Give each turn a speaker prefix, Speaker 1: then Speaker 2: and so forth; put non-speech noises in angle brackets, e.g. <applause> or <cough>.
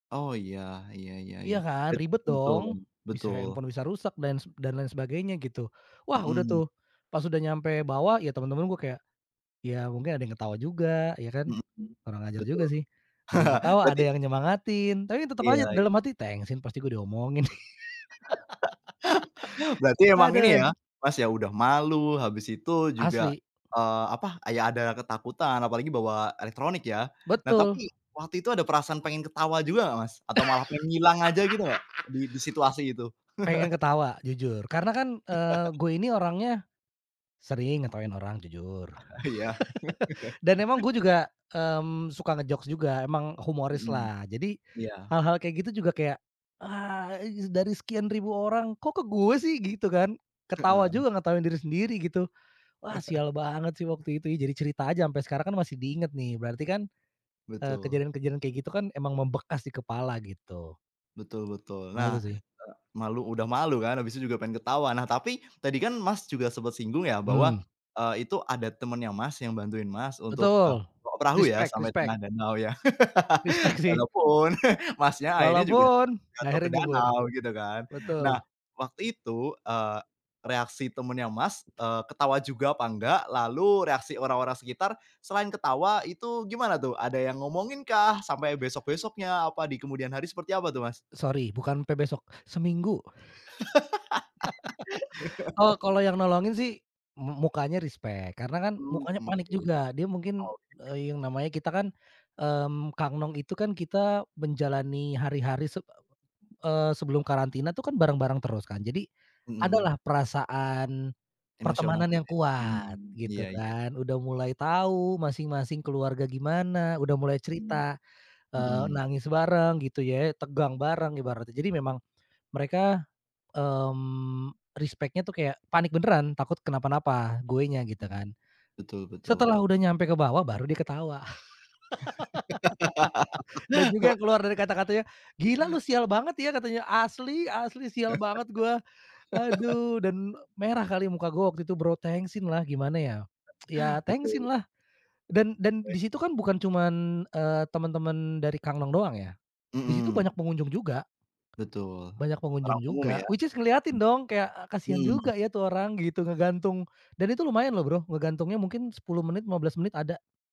Speaker 1: Oh iya, ya ya
Speaker 2: Iya
Speaker 1: ya.
Speaker 2: kan,
Speaker 1: Bet
Speaker 2: ribet
Speaker 1: betul,
Speaker 2: dong, bisa
Speaker 1: betul.
Speaker 2: handphone bisa rusak dan dan lain sebagainya gitu. Wah udah
Speaker 1: Mhm.
Speaker 2: tuh, pas udah nyampe bawah ya teman-teman gue kayak, ya mungkin ada yang ketawa juga, ya kan?
Speaker 1: Mhm.
Speaker 2: Kurang ajar juga
Speaker 1: Betul.
Speaker 2: sih, ada yang ketawa,
Speaker 1: <laughs>
Speaker 2: ada
Speaker 1: Berarti
Speaker 2: yang nyemangatin. Tapi tetap
Speaker 1: Iya
Speaker 2: aja
Speaker 1: ya.
Speaker 2: dalam hati, "tengsin, pasti gue diomongin".
Speaker 1: <laughs> Berarti emang ini
Speaker 2: Hadeh.
Speaker 1: ya, Mas ya udah malu, habis itu juga,
Speaker 2: Asli.
Speaker 1: eee, apa, ya ada ya ketakutan, apalagi bawa elektronik ya? Nah
Speaker 2: Betul.
Speaker 1: tapi, waktu itu ada perasaan pengen ketawa juga nggak Mas? Atau malah pengen ngilang aja gitu nggak, di di situasi itu?
Speaker 2: <laughs> Pengen
Speaker 1: <chuckles>
Speaker 2: ketawa, jujur, karena kan, eee,
Speaker 1: <chuckles>
Speaker 2: gue ini orangnya, sering ngetawain orang jujur.
Speaker 1: Ah iya?
Speaker 2: <laughs> Dan emang
Speaker 1: <laughs>
Speaker 2: gue juga, mmm, suka nge-jokes juga, emang humoris
Speaker 1: Hmm.
Speaker 2: lah. Jadi,
Speaker 1: Ya.
Speaker 2: hal-hal kayak gitu juga kayak, "Ah dari sekian ribu orang, kok ke gue sih?" Gitu kan. Ketawa
Speaker 1: Heeh.
Speaker 2: juga, ngetawain diri sendiri gitu. Wah
Speaker 1: <chuckles>
Speaker 2: sial banget sih waktu itu ya, jadi cerita aja, sampai sekarang kan masih diingat nih berarti kan, eee,
Speaker 1: Betul.
Speaker 2: kejadian-kejadian kayak gitu kan emang membekas di kepala, gitu.
Speaker 1: Betul betul.
Speaker 2: Malu
Speaker 1: Nah, eee,
Speaker 2: sih.
Speaker 1: malu udah malu kan, habis itu juga pengen ketawa. Nah tapi, tadi kan Mas juga sempet singgung ya bahwa,
Speaker 2: Mmm.
Speaker 1: eee, itu ada temannya Mas yang bantuin Mas untuk, eee,
Speaker 2: Betul.
Speaker 1: perahu ya?
Speaker 2: Respect
Speaker 1: Sampai
Speaker 2: respect.
Speaker 1: tengah danau ya,
Speaker 2: Respect
Speaker 1: <laughs>
Speaker 2: sih.
Speaker 1: walaupun, <chuckles> Mas nya akhirnya juga tetap,
Speaker 2: Walaupun,
Speaker 1: jatuh
Speaker 2: akhirnya
Speaker 1: ke
Speaker 2: nyebur.
Speaker 1: danau, gitu kan. Nah,
Speaker 2: Betul.
Speaker 1: waktu itu, eee, reaksi temennya Mas, eee, ketawa juga apa enggak? Lalu, reaksi orang-orang sekitar selain ketawa itu gimana tuh? Ada yang ngomongin kah? Sampai besok-besoknya, apa di kemudian hari seperti apa tuh Mas?
Speaker 2: Sorry, bukan sampe besok, seminggu. <laughs> Oh
Speaker 1: <laughs>
Speaker 2: kalau yang nolongin sih, mu mukanya respect, karena kan,
Speaker 1: Mmm
Speaker 2: mukanya
Speaker 1: mmm
Speaker 2: panik
Speaker 1: oke.
Speaker 2: juga. Dia mungkin,
Speaker 1: Oke.
Speaker 2: e yang namanya kita kan, mmm, Kang Nong itu kan kita menjalani hari-hari, se eee, sebelum karantina tuh kan, bareng-bareng terus kan. Jadi,
Speaker 1: Hmm.
Speaker 2: adalah perasaan,
Speaker 1: Emosional.
Speaker 2: pertemanan yang
Speaker 1: <unintelligible>
Speaker 2: kuat,
Speaker 1: Hmm,
Speaker 2: gitu
Speaker 1: iya iya.
Speaker 2: kan. Udah mulai tahu masing-masing keluarga gimana, udah mulai
Speaker 1: Hmm,
Speaker 2: cerita, eee,
Speaker 1: hmm.
Speaker 2: nangis bareng gitu ya, tegang bareng ibaratnya. Jadi memang mereka, mmm, respect-nya tuh kayak panik beneran, takut kenapa-napa, gue nya gitu
Speaker 1: Hmm.
Speaker 2: kan.
Speaker 1: Betul betul.
Speaker 2: Setelah udah nyampe ke bawah baru dia ketawa. <laughs> Dan juga keluar dari
Speaker 1: <laughs>
Speaker 2: kata-katanya, "gila lu sial banget ya" katanya, "asli asli, sial banget gue".
Speaker 1: <laughs>
Speaker 2: Aduh dan merah kali muka gue waktu itu, Bro. Tengsinlah, gimana ya, ya
Speaker 1: Betul itu.
Speaker 2: tengsinlah dan dan
Speaker 1: Oke.
Speaker 2: disitu kan bukan cuman, eee, teman-teman dari Kang Nong doang ya, di situ
Speaker 1: Mmm.
Speaker 2: banyak pengunjung juga.
Speaker 1: Betul.
Speaker 2: Banyak pengunjung
Speaker 1: Orang umum
Speaker 2: juga,
Speaker 1: ya?
Speaker 2: which is ngeliatin dong kayak, kasihan
Speaker 1: Mmm. Hmm.
Speaker 2: juga ya tuh orang gitu, ngegantung. Dan itu lumayan loh Bro, ngegantungnya mungkin 10 menit, 15 menit ada.